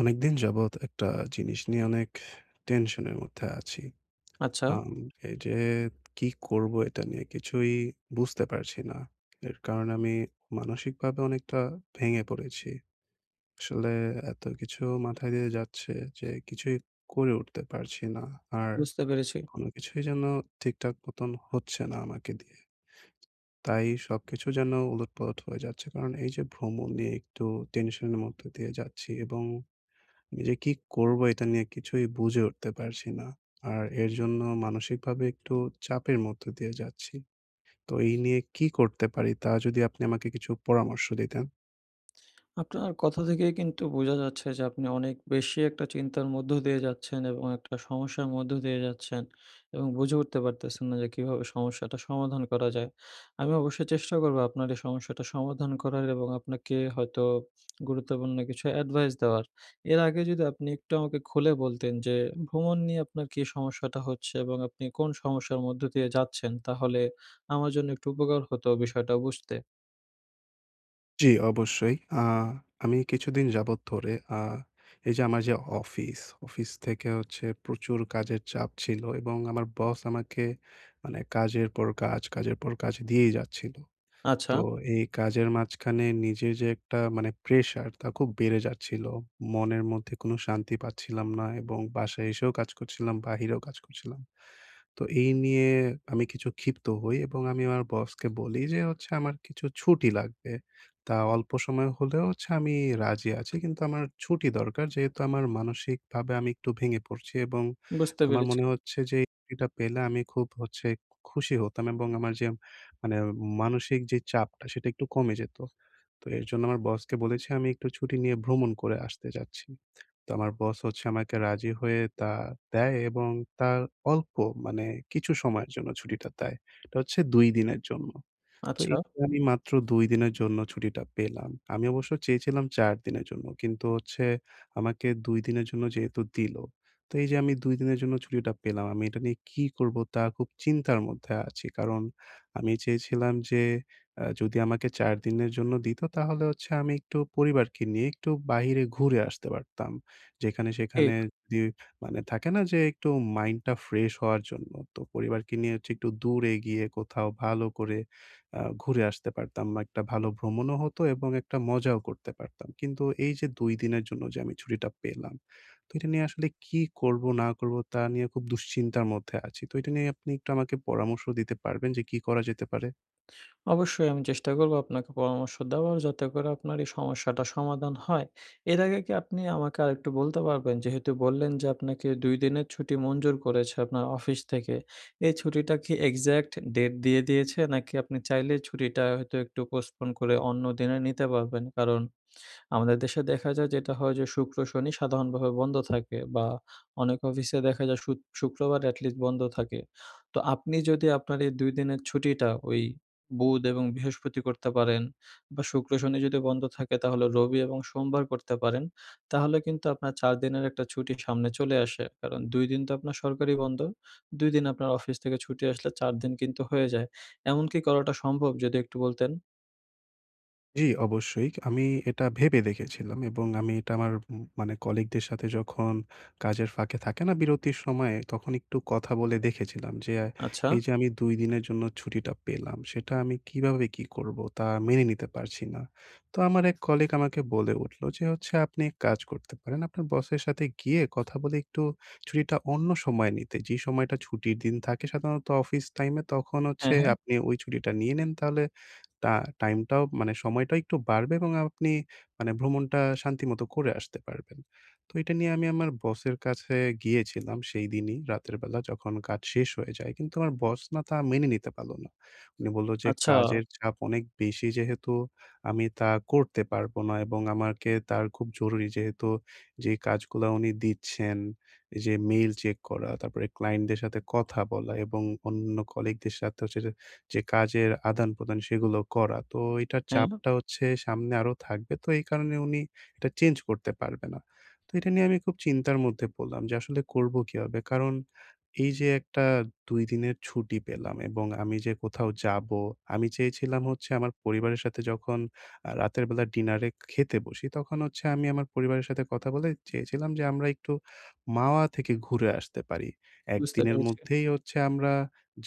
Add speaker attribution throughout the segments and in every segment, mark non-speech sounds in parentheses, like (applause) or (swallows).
Speaker 1: অনেকদিন যাবৎ একটা জিনিস নিয়ে অনেক, টেনশনের মধ্যে আছি।
Speaker 2: আচ্ছা।
Speaker 1: আম এইযে কি করবো এটা নিয়ে কিছুই বুঝতে পারছি না। এর কারণে আমি, মানসিকভাবে অনেকটা ভেঙে পড়েছি। আসলে এত কিছু মাথায় দিয়ে যাচ্ছে যে কিছুই করে উঠতে পারছি না। আর
Speaker 2: বুঝতে পেরেছি।
Speaker 1: কোনো কিছুই যেন ঠিকঠাক মতন হচ্ছে না আমাকে দিয়ে। তাই সবকিছু যেন উলটপালট হয়ে যাচ্ছে। কারণ এইযে ভ্রমণ নিয়ে একটু টেনশন এর মধ্য দিয়ে যাচ্ছি এবং নিজে কি করবো এটা নিয়ে কিছুই বুঝে উঠতে পারছি না। আর এর জন্য মানসিকভাবে একটু চাপের মধ্য দিয়ে যাচ্ছি। তো এই নিয়ে কি করতে পারি? তা যদি আপনি আমাকে কিছু পরামর্শ দিতেন?
Speaker 2: আপনার কথা থেকেই কিন্তু বোঝা যাচ্ছে যে, আপনি অনেক বেশি একটা চিন্তার মধ্য দিয়ে যাচ্ছেন এবং একটা সমস্যার মধ্য দিয়ে যাচ্ছেন, এবং বুঝে উঠতে পারতেছেন না যে কীভাবে সমস্যাটা সমাধান করা যায়। আমি অবশ্যই চেষ্টা করবো আপনার এই সমস্যাটা সমাধান করার এবং আপনাকে হয়তো (smacks lips) গুরুত্বপূর্ণ কিছু অ্যাডভাইস দেওয়ার, এর আগে যদি আপনি একটু আমাকে খুলে বলতেন যে, ভ্রমণ নিয়ে আপনার কী সমস্যাটা হচ্ছে এবং আপনি কোন সমস্যার মধ্য দিয়ে যাচ্ছেন? তাহলে আমার জন্য একটু উপকার হতো বিষয়টা বুঝতে।
Speaker 1: জ্বি, অবশ্যই। আ আমি কিছুদিন যাবৎ ধরে আ এইযে আমার যে অফিস, অফিস থেকে হচ্ছে প্রচুর কাজের চাপ ছিলো। এবং আমার বস আমাকে মানে কাজের পর কাজ কাজের পর কাজ দিয়েই যাচ্ছিলো।
Speaker 2: আচ্ছা।
Speaker 1: তো এই কাজের মাঝখানে নিজের যে একটা মানে প্রেশার তা খুব বেড়ে যাচ্ছিলো। মনের মধ্যে কোনো শান্তি পাচ্ছিলাম না এবং বাসায় এসেও কাজ করছিলাম, বাহিরেও কাজ করছিলাম। তো এই নিয়ে আমি কিছু ক্ষিপ্ত হই এবং আমি আমার বসকে বলি যে হচ্ছে, "আমার কিছু ছুটি লাগবে। তা অল্প সময় হলেও হচ্ছে আমি রাজি আছি। কিন্তু আমার ছুটি দরকার।" যেহেতু আমার মানসিকভাবে আমি একটু ভেঙে পড়ছি এবং
Speaker 2: বুঝতে
Speaker 1: আমার
Speaker 2: পেরেছি।
Speaker 1: মনে হচ্ছে যে এটা পেলে আমি খুব হচ্ছে খু খুশি হতাম। এবং আমার যে মানে মানসিক যেই চাপটা সেটা একটু কমে যেতো। তো এর জন্য আমার বসকে বলেছি, "আমি একটু ছুটি নিয়ে ভ্রমণ করে আসতে চাচ্ছি।" তো আমার বস হচ্ছে আমাকে রাজি হয়ে তা দেয় এবং তার অল্প মানে কিছু সময়ের জন্য ছুটিটা দেয়। এটা হচ্ছে ২ দিনের জন্য। তো এই
Speaker 2: আচ্ছা।
Speaker 1: পরি মাত্র ২ দিনের জন্য ছুটিটা পেলাম। আমি অবশ্য চেয়েছিলাম ৪ দিনের জন্য। কিন্তু হচ্ছে আমাকে ২ দিনের জন্য যেহেতু দিল। তো এইযে আমি ২ দিনের জন্য ছুটিটা পেলাম। আমি এটা নিয়ে কি করবো? তা খুব চিন্তার মধ্যে আছি। কারণ, আমি চেয়েছিলাম যে আ যদি আমাকে ৪ দিনের জন্য দিতো তাহলে হচ্ছে আমি একটু পরিবারকে নিয়ে একটু বাইরে ঘুরে আসতে পারতাম। যেখানে সেখানে
Speaker 2: ঠিক।
Speaker 1: দে মানে থাকে না যে একটু মাইন্ডটা ফ্রেশ হওয়ার জন্য? তো পরিবারকে নিয়ে হচ্ছে একটু দূরে গিয়ে কোথাও ভালো করে আ ঘুরে আসতে পারতাম। বা একটা ভালো ভ্রমণও হতো এবং একটা মজাও করতে পারতাম। কিন্তু এইযে ২ দিনের জন্য যে আমি ছুটিটা পেলাম, তো এটা নিয়ে আসলে কী করবো, না করবো তা নিয়ে খুব দুশ্চিন্তার মধ্যে আছি। তো এটা নিয়ে আপনি একটু আমাকে পরামর্শ দিতে পারবেন যে কি করা যেতে পারে?
Speaker 2: অবশ্যই আমি চেষ্টা করব। আপনাকে পরামর্শ দেওয়ার, যাতে করে আপনার এই সমস্যাটা সমাধান হয়। এর আগে কী আপনি আমাকে আরেকটু বলতে পারবেন? যেহেতু বললেন যে আপনাকে ২ দিনের ছুটি মঞ্জুর করেছে আপনার অফিস থেকে। এই ছুটিটা কী এক্সাক্ট ডেট দিয়ে দিয়েছে? নাকি আপনি চাইলেই ছুটিটা হয়তো একটু postpone করে অন্যদিনে নিতে পারবেন? কারণ আমাদের দেশে দেখা যায় যেটা হয় যে শুক্র-শনি সাধারণভাবে বন্ধ থাকে বা অনেক অফিসে দেখা যায় শুত শুক্রবার এটলিস্ট বন্ধ থাকে। তো আপনি যদি আপনার এই ২ দিনের ছুটিটা ওই বুধ এবং বৃহস্পতি করতে পারেন বা শুক্র শনি যদি বন্ধ থাকে তাহলে রবি এবং সোমবার করতে পারেন, তাহলে কিন্তু আপনার ৪ দিনের একটা ছুটি সামনে চলে আসে। কারণ ২ দিন তো আপনার সরকারি বন্ধ। ২ দিন আপনার অফিস থেকে ছুটি আসলে ৪ দিন কিন্তু হয়ে যায়, এমনকি করাটা সম্ভব? যদি একটু বলতেন।
Speaker 1: জি, অবশ্যই আমি এটা ভেবে দেখেছিলাম এবং আমি এটা আমার উম মানে কলিগদের সাথে যখন কাজের ফাঁকে থাকে না বিরতির সময়ে? তখন একটু কথা বলে দেখেছিলাম যে,
Speaker 2: আচ্ছা।
Speaker 1: এই যে আমি ২ দিনের জন্য ছুটিটা পেলাম, সেটা আমি কীভাবে কী করবো? তা মেনে নিতে পারছি না। তো আমার ১ কলিগ আমাকে বলে উঠলো যে, হচ্ছে আপনি ১ কাজ করতে পারেন, আপনার বসের সাথে গিয়ে কথা বলে একটু ছুটিটা অন্য সময় নিতে। যে সময়টা ছুটির দিন থাকে সাধারণত অফিস টাইমে তখন
Speaker 2: হ্যাঁ,
Speaker 1: হচ্ছে
Speaker 2: হ্যাঁ।
Speaker 1: আপনি ওই ছুটিটা নিয়ে নেন তাহলে তা টাইমটাও, মানে সময়টা একটু বাড়বে এবং আ আ আপনি মানে ভ্রমণটা শান্তিমতো করে আসতে পারবেন। তো এটা নিয়ে আমি আমার বসের কাছে গিয়েছিলাম, সেইদিনই রাতের বেলা যখন কাজ শেষ হয়ে যায়, কিন্তু আমার বস না তা মেনে নিতে পারল না। উনি বলল যে,
Speaker 2: আচ্ছা।
Speaker 1: "কাজের চাপ অনেক বেশি যেহেতু, আমি তা করতে পারবো না।" এবং আমাকে তার খুব জরুরি যেহেতু যে কাজগুলা উনি দিচ্ছেন, যে মেইল চেক করা তারপরে ক্লায়েন্টদের সাথে কথা বলা, এবং অন্যান্য কলিগদের সাথে হচ্ছে যে, যে কাজের আদানপ্রদান সেগুলোও করা। তো এইটার
Speaker 2: হ্যাঁ।
Speaker 1: চাপটা হচ্ছে সামনে আরো থাকবে তো এই কারণে উনি এটা চেঞ্জ করতে পারবে না। তো এটা নিয়ে আমি খুব চিন্তার মধ্যে পড়লাম যে আসলে করবো কীভাবে? কারণ, এই যে একটা ২ দিনের ছুটি পেলাম এবং আমি যে কোথাও যাবো, আমি চেয়েছিলাম হচ্ছে আমার পরিবারের সাথে যখন আ রাতের বেলা ডিনারে এ খেতে বসি তখন হচ্ছে আমি আমার পরিবারের সাথে কথা বলে চেয়েছিলাম যে আমরা একটু "মাওয়া" থেকে ঘুরে আসতে পারি।
Speaker 2: বুঝতে
Speaker 1: একদিনের
Speaker 2: পেরেছি।
Speaker 1: মধ্যেই হচ্ছে আমরা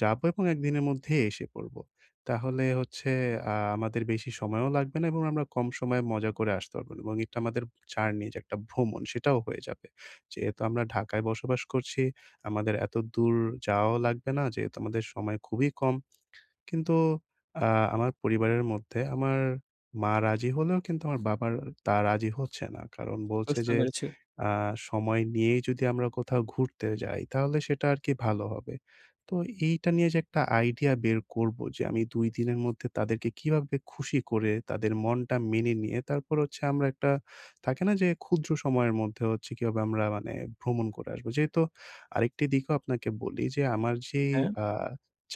Speaker 1: যাবো এবং একদিনের মধ্যেই এসে পড়বো। তাহলে হচ্ছে আ আমাদের বেশি সময়ও লাগবে না এবং আমরা কম সময়ে মজা করে আসতে পারবো এবং একটা আমাদের জার্নি যে একটা ভ্রমণ সেটাও হয়ে যাবে। যেহেতু আমরা ঢাকায় বসবাস করছি, আমাদের এত দূর যাওয়াও লাগবে না যেহেতু আমাদের সময় খুবই কম কিন্তু আ আমার পরিবারের মধ্যে, আমার মা রাজি হলেও কিন্তু আমার বাবার তা রাজি হচ্ছে না, কারণ বলছে
Speaker 2: বুঝতে
Speaker 1: যে
Speaker 2: পেরেছি।
Speaker 1: আ "সময় নিয়েই যদি আমরা কোথাও ঘুরতে যাই তাহলে সেটা আরকি ভালো হবে।" তো এইটা নিয়ে যে একটা আইডিয়া বের করবো, যে আমি ২ দিনের মধ্যে তাদেরকে কীভাবে খুশি করে? তাদের মনটা মেনে নিয়ে, তারপর হচ্ছে আমরা একটা থাকে না? যে, ক্ষুদ্র সময়ের মধ্যে হচ্ছে কীভাবে আমরা মানে ভ্রমণ করে আসবো? যেহেতু আরেকটি দিকও আপনাকে বলি যে, আমার যেই
Speaker 2: হ্যাঁ।
Speaker 1: আ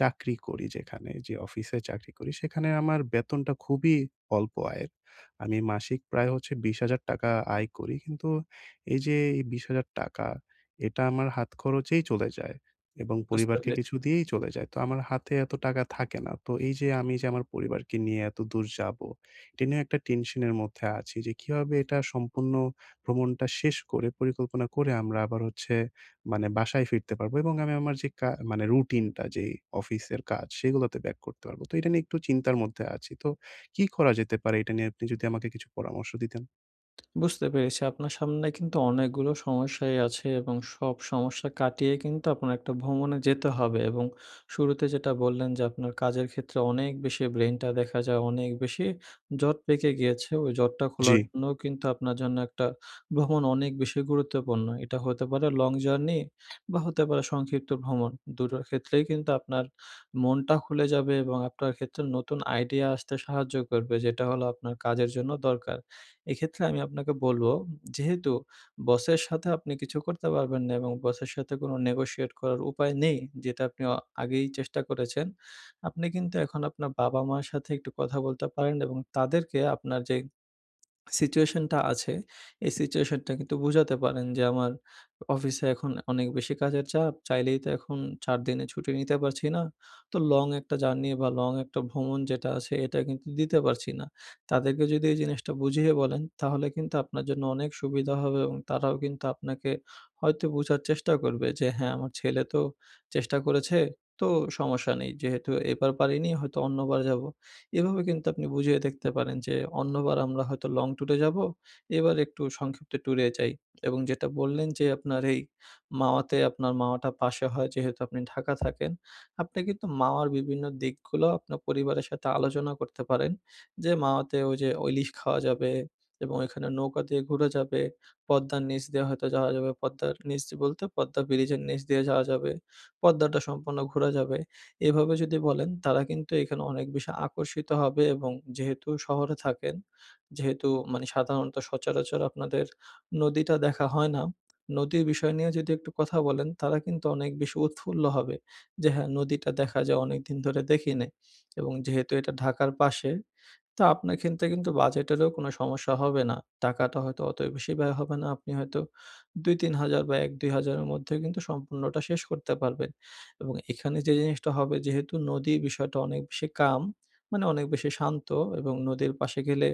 Speaker 1: চাকরি করি যেখানে, যে অফিসে চাকরি করি, সেখানে আমার বেতনটা খুবই অল্প আয়ের। আমি মাসিক প্রায় হচ্ছে ৳২০,০০০ আয় করি, কিন্তু এই যে এই ৳২০,০০০ এটা আমার হাত খরচেই চলে যায় এবং
Speaker 2: বুঝতে
Speaker 1: পরিবারকে
Speaker 2: পেরেছি।
Speaker 1: কিছু দিয়েই চলে যায়। তো আমার হাতে এত টাকা থাকে না। তো এই যে আমি যে আমার পরিবারকে নিয়ে এতদূর যাবো, এটা নিয়েও একটা টেনশন এর মধ্যে আছি যে কীভাবে এটা সম্পূর্ণ ভ্রমণটা শেষ করে পরিকল্পনা করে আমরা আবার হচ্ছে মানে বাসায় ফিরতে পারবো? এবং আমি আমার যে কা মানে রুটিনটা যেই অফিসের কাজ সেগুলাতে ব্যাক করতে পারবো। তো এইটা নিয়ে একটু চিন্তার মধ্যে আছি তো, কী করা যেতে পারে? এইটা নিয়ে আপনি যদি আমাকে কিছু পরামর্শ দিতেন।
Speaker 2: (smacks lips) বুঝতে পেরেছি। আপনার সামনে কিন্তু অনেকগুলো সমস্যাই আছে, এবং সব সমস্যা কাটিয়ে কিন্তু, আপনার একটা ভ্রমণে যেতে হবে। এবং শুরুতে যেটা বললেন যে, আপনার কাজের ক্ষেত্রে অনেক বেশি ব্রেইনটা দেখা যায়, অনেক বেশি জট পেকে গিয়েছে। ওই জটটা খোলার
Speaker 1: জ্বী।
Speaker 2: জন্যও কিন্তু আপনার জন্য একটা ভ্রমণ অনেক বেশি গুরুত্বপূর্ণ। এটা হতে পারে লং জার্নি বা হতে পারে সংক্ষিপ্ত ভ্রমণ। ২ টোর ক্ষেত্রেই কিন্তু আপনার মনটা খুলে যাবে এবং আপনার ক্ষেত্রে নতুন আইডিয়া আসতে সাহায্য করবে। যেটা হলো আপনার কাজের জন্য দরকার। এক্ষেত্রে আমি আপনাকে বলবো যেহেতু বসের সাথে আপনি কিছু করতে পারবেন না, এবং বসের সাথে কোনো নেগোশিয়েট করার উপায় নেই, যেটা আপনি আ আগেই চেষ্টা করেছেন। আপনি কিন্তু এখন, আপনার বাবা-মা'র সাথে একটু কথা বলতে পারেন এবং তাদেরকে আপনার যে (swallows) সিচুয়েশনটা আছে, এই সিচুয়েশনটা কিন্তু বুঝাতে পারেন যে, "আমার অ অফিসে এখন অনেক বেশি কাজের চাপ, চাইলেই তো এখন ৪ দিনের ছুটি নিতে পারছি না। তো লং একটা জার্নি বা লং একটা ভ্রমণ যেটা আছে, এটা কিন্তু দিতে পারছি না।" তাদেরকে যদি এই জিনিসটা বুঝিয়ে বলেন, তাহলে কিন্তু আপনার জন্য অনেক সুবিধা হবে এবং তারাও কিন্তু আপনাকে হয়তো বুঝার চেষ্টাও করবে যে, "হ্যাঁ, আমার ছেলে তো চেষ্টা করেছে, তো সমস্যা নেই। যেহেতু এবার পারিনি, হয়তো অন্যবার যাবো।" এভাবে কিন্তু আপনি বুঝিয়ে দেখতে পারেন যে, "অন্যবার আমরা হয়তো লং ট্যুরে যাবো, এবার একটু সংক্ষিপ্ত ট্যুরে যাই।" এবং যেটা বললেন যে আপনার এই মাওয়াতে আপনার মাওয়াটা পাশে হয়, যেহেতু আপনি ঢাকা থাকেন। আপনি কিন্তু মাওয়ার বিভিন্ন দিকগুলো, আপনার পরিবারের সাথে আলোচনা করতে পারেন যে, "মাওয়াতে ওইযে ও ইলিশ খাওয়া যাবে এবং ওইখানে নৌকা দিয়ে ঘুরা যাবে, পদ্মার নিচ দিয়ে হয়তো যাওয়া যাবে। পদ্মার নিচ বলতে পদ্মা ব্রিজের নিচ দিয়ে যাওয়া যাবে। পদ্মাটা সম্পূর্ণ ঘুরা যাবে।" এভাবে যদি বলেন, তারা কিন্তু এখানে অনেক বেশি আকর্ষিত হবে এবং যেহেতু শহরে থাকেন, যেহেতু মানে সাধারণত সচরাচর আপনাদের নদীটা দেখা হয় না, নদীর বিষয় নিয়ে যদি একটু কথা বলেন, তারা কিন্তু অনেক বেশি উৎফুল্ল হবে। যে, "হ্যাঁ, নদীটা দেখা যায়। অনেকদিন ধরে দেখি নাই।" এবং যেহেতু এটা ঢাকার পাশে, তা আপনার ক্ষেত্রে কিন্তু বাজেটেরও কোনো সমস্যা হবে না। টাকাটা হয়তো অত বেশি ব্যয় হবে না। আপনি হয়তো ২,০০০-৩,০০০ বা ১,০০০-২,০০০ এর মধ্যেও কিন্তু সম্পূর্ণটা শেষ করতে পারবেন। এবং এখানে যে জিনিসটা হবে, যেহেতু নদীর বিষয়টা অনেক বেশি কাম, মানে অনেক বেশি শান্ত এবং নদীর পাশে গেলে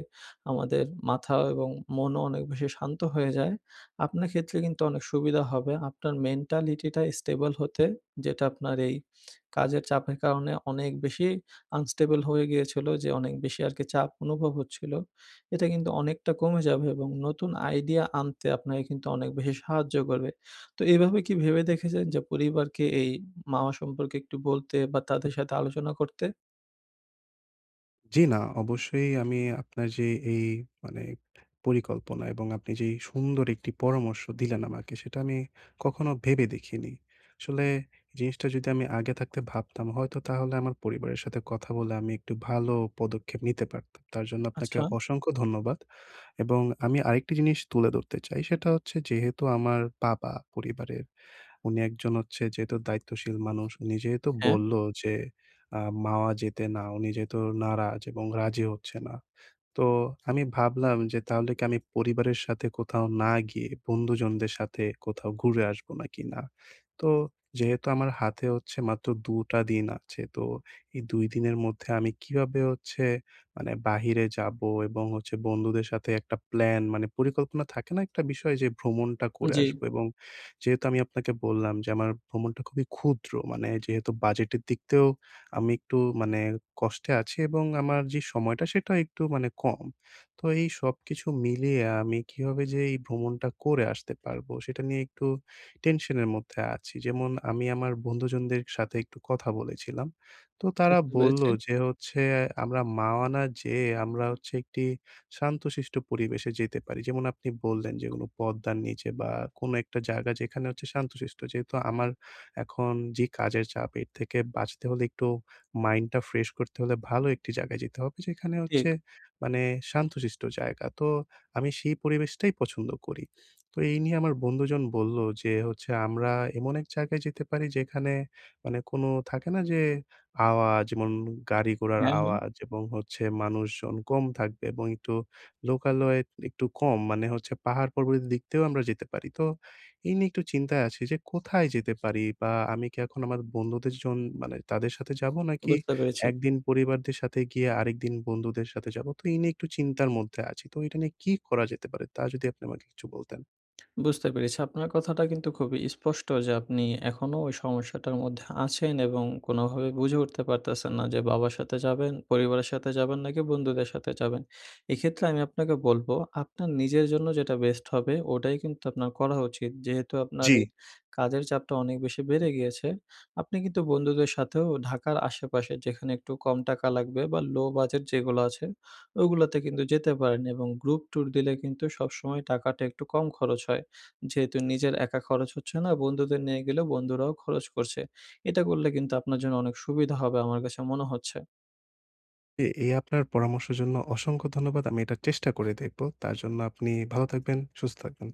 Speaker 2: আমাদের মাথা এবং মনও অনেক বেশি শান্ত হয়ে যায়। আপনার ক্ষেত্রে কিন্তু অনেক সুবিধা হবে। আপনার মেন্টালিটিটা স্টেবল হতে, যেটা আপনার এই কাজের চাপের কারণে অনেক বেশি আনস্টেবল হয়ে গিয়েছিল যে, অনেক বেশি আরকি, চাপ অনুভব হচ্ছিলো। এটা কিন্তু অনেকটা কমে যাবে এবং নতুন আইডিয়া আনতে আপনাকে কিন্তু অনেক বেশি সাহায্যও করবে। তো এভাবে কি ভেবে দেখেছেন যে, পরিবারকে এই মাওয়া সম্পর্কে একটু বলতে বা তাদের সাথে আলোচনা করতে?
Speaker 1: জ্বি, না। অবশ্যই আমি আপনার যে এই মানে পরিকল্পনা এবং আপনি যেই সুন্দর একটি পরামর্শ দিলেন আমাকে, সেটা আমি কখনো ভেবে দেখিনি। আসলে জিনিসটা যদি আমি আগে থাকতে ভাবতাম হয়তো তাহলে আমার পরিবারের সাথে কথা বলে আমি একটু ভালো পদক্ষেপ নিতে পারতাম। তার জন্য আপনাকে
Speaker 2: আচ্ছা।
Speaker 1: অসংখ্য ধন্যবাদ। এবং আমি আরেকটি জিনিস তুলে ধরতে চাই, সেটা হচ্ছে যেহেতু আমার বাবা পরিবারের, উনি একজন হচ্ছে যেহেতু দায়িত্বশীল মানুষ। উনি যেহেতু
Speaker 2: হ্যাঁ।
Speaker 1: বললো যে আ "মাওয়া যেতে না," উনি যেহেতু নারাজ এবং রাজি হচ্ছে না। তো আমি ভাবলাম যে তাহলে কি আমি পরিবারের সাথে কোথাও না গিয়ে, বন্ধুজনদের সাথে কোথাও ঘুরে আসবো? নাকি না? তো যেহেতু আমার হাতে হচ্ছে মাত্র ২ টা দিন আছে। তো এই ২ দিনের মধ্যে, আমি কিভাবে হচ্ছে মানে বাহিরে যাবো? এবং হচ্ছে বন্ধুদের সাথে একটা প্ল্যান মানে পরিকল্পনা থাকে না একটা বিষয়? যে ভ্রমণটা করে
Speaker 2: জি।
Speaker 1: আসবো। এবং যেহেতু আমি আপনাকে বললাম যে আমার ভ্রমণটা খুবই ক্ষুদ্র। মানে যেহেতু বাজেটের দিকতেও আমি একটু মানে কষ্টে আছি এবং আমার যে সময়টা সেটা একটু মানে কম। তো এই সবকিছু মিলিয়ে আমি কিভাবে যে এই ভ্রমণটা করে আসতে পারবো সেটা নিয়ে একটু টেনশন এর মধ্যে আছি। যেমন আমি আমার বন্ধুজনদের সাথে একটু কথা বলেছিলাম। তো তারা
Speaker 2: বুঝতে পেরেছি।
Speaker 1: বললো যে হচ্ছে আমরা মাওয়া না যেয়ে, আমরা হচ্ছে একটি শান্তশিষ্ট পরিবেশে যেতে পারি। যেমন আপনি বললেন, "যেগুলো পদ্মার নিচে বা কোনো একটা জায়গা যেখানে হচ্ছে শান্তশিষ্ট।" যেহেতু আমার এখন যেই কাজের চাপ এর থেকে বাঁচতে হলে একটু মাইন্ডটা ফ্রেশ করতে হলে ভালো ১ টি জায়গায় যেতে হবে। যেখানে হচ্ছে
Speaker 2: ঠিক।
Speaker 1: মানে শান্তশিষ্ট জায়গা। তো আমি সেই পরিবেশটাই পছন্দ করি। তো এই নিয়ে আমার বন্ধুজন বললো যে হচ্ছে, "আমরা এমন ১ জায়গায় যেতে পারি।" যেখানে মানে কোন থাকে না যে? "আওয়াজ যেমন গাড়ি ঘোড়ার
Speaker 2: হ্যাঁ, হ্যাঁ।
Speaker 1: আওয়াজ এবং হচ্ছে মানুষজন কম থাকবে এবং একটু লোকালয় একটু কম মানে হচ্ছে পাহাড় পর্বতের দিকতেও আমরা যেতে পারি।" তো এই নিয়ে একটু চিন্তায় আছি যে কোথায় যেতে পারি? বা আমি কি এখন আমার বন্ধুদের জন মানে তাদের সাথে যাবো নাকি
Speaker 2: বুঝতে পেরেছি।
Speaker 1: ১ দিন পরিবারদের সাথে গিয়ে আরেকদিন বন্ধুদের সাথে যাবো? তো এই নিয়ে একটু চিন্তার মধ্যে আছি। তো এইটা নিয়ে কি করা যেতে পারে? তা যদি আপনি আমাকে কিছু বলতেন।
Speaker 2: বুঝতে পেরেছি। আপনার কথাটা কিন্তু খুবই স্পষ্ট যে আপনি এখনো ওই সমস্যাটার মধ্যে আছেন এবং কোনভাবে বুঝে উঠতে পারতেছেন না যে বাবার সাথে যাবেন? পরিবারের সাথে যাবেন? নাকি বন্ধুদের সাথে যাবেন। এক্ষেত্রে আমি আপনাকে বলব, আপনার নিজের জন্য যেটা বেস্ট হবে ওটাই কিন্তু আপনার করা উচিত। যেহেতু আপনার
Speaker 1: জ্বি।
Speaker 2: এই কাজের চাপটা অনেক বেশি বেড়ে গিয়েছে। আপনি কিন্তু বন্ধুদের সাথেও ঢাকার আশেপাশে যেখানে একটু কম টাকা লাগবে বা লো বাজেট যেগুলা আছে, ওগুলাতে কিন্তু যেতে পারেন। এবং গ্রুপ ট্যুর দিলে কিন্তু সবসময় টাকাটা একটু কম খরচ হয়। যেহেতু নিজের একা খরচ হচ্ছে না, বন্ধুদের নিয়ে গেলেও বন্ধুরাও খরচ করছে। এটা করলে কিন্তু আপনার জন্য অনেক সুবিধা হবে আমার কাছে মনে হচ্ছে।
Speaker 1: এ এ আপনার পরামর্শের জন্য অসংখ্য ধন্যবাদ। আমি এটার চেষ্টা করে দেখবো। তার জন্য আপনি ভালো থাকবেন, সুস্থ থাকবেন।